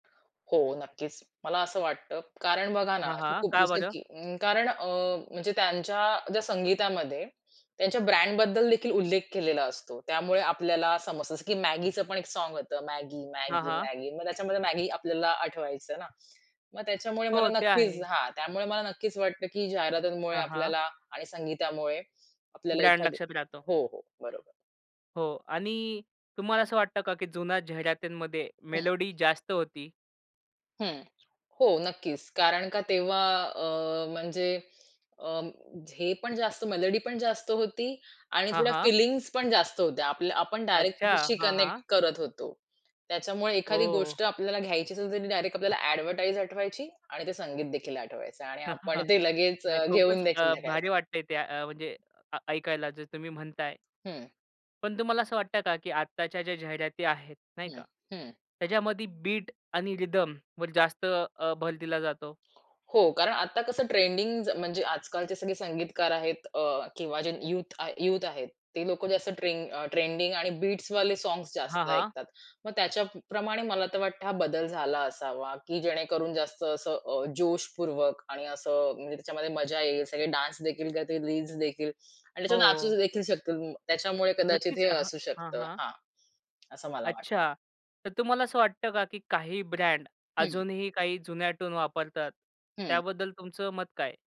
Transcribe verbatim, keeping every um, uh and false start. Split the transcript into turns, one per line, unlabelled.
हो नक्कीच. मला असं वाटतं, कारण बघा ना,
हां,
असे
हां.
खूप
का
जसं
बरं?
की अ, कारण अ, म्हणजे त्यांच्या ज्या संगीतामध्ये त्यांच्या ब्रँडबद्दल देखील उल्लेख केलेला असतो. त्यामुळे आपल्याला समजतं, जसं की Maggiच पण एक साँग होतं,
हां, हां.
Maggi-Maggi-Maggi मग त्याच्यामध्ये मॅगी आपल्याला आठवायचं ना, मग त्याच्यामुळे मला
हो, ते
नक्कीच
आहे.
हां, त्यामुळे मला नक्कीच वाटतं, की जाहिरातीमुळे
हां, हां.
आपल्याला आणि संगीतामुळे आपल्याला
ब्रँड
एखादी
लक्षात राहतो.
हो, हो, बरोबर.
हो आणि तुम्हाला असं वाटतं का, की जुन्या जाहिरातीमध्ये
हं.
मेलोडी जास्त होती?
हं, हो, नक्कीच कारण का तेव्हा अ, म्हणजे अ, हे पण जास्त मेलोडी पण जास्त होती आणि
हां,
थोड्या
हां.
फिलिंग्ज पण जास्त होत्या. आपल्या आपण डायरेक्ट
अच्छा.
त्याच्याशी
हां, हां.
कनेक्ट करत होतो. त्याच्यामुळे एखादी
हो.
गोष्ट आपल्याला घ्यायचीच असेल तरी डायरेक्ट आपल्याला अ‍ॅडव्हर्टाइज आठवायची आणि ते संगीतदेखील आठवायचं आणि आपण ते लगेच
नाही,
अ,
खूपच
घेऊनदेखील यायचो
अ,
संध्याकाळीच.
भारी वाटतंय ते त्या अ, म्हणजे अ ऐकायला जे तुम्ही म्हणताय.
हं.
पण तुम्हाला असं वाटतं का, की आत्ताच्या ज्या जाहिराती आहेत नाही
हं,
का,
हं.
त्याच्यामध्ये बीट आणि रिदमवर जास्त अ, भर दिला जातो?
हो, कारण आता कसं ट्रेंडिंग्ज म्हणजे आजकालचे सगळे संगीतकार आहेत अ, किंवा जे युथ आ युथ आहेत, ते लोकं जास्त ट्रें अ, ट्रेंडिंग आणि बीट्सवाले सॉन्ग्स
हां,
जास्त
हां.
ऐकतात. मग त्याच्याप्रमाणे मला तर वाटतं हा बदल झाला असावा, की जेणेकरून जास्त असं अ, जोशपूर्वक आणि असं म्हणजे त्याच्यामध्ये मजा येईल सगळे डान्सदेखील करतील, रिल्सदेखील आणि त्याच्यावर
हो.
नाचूदेखील शकतील, त्याच्यामुळे कदाचित
नक्कीच.
हे
[unintelligible]
असू
हां,
शकतं
हां.
हां. असं मला वाट
अच्छा! तर तुम्हाला असं वाटतं का की काही ब्रँड
हं.
अजूनही काही जुन्या टून वापरतात,
हं.
त्याबद्दल तुमचं मत काय आहे?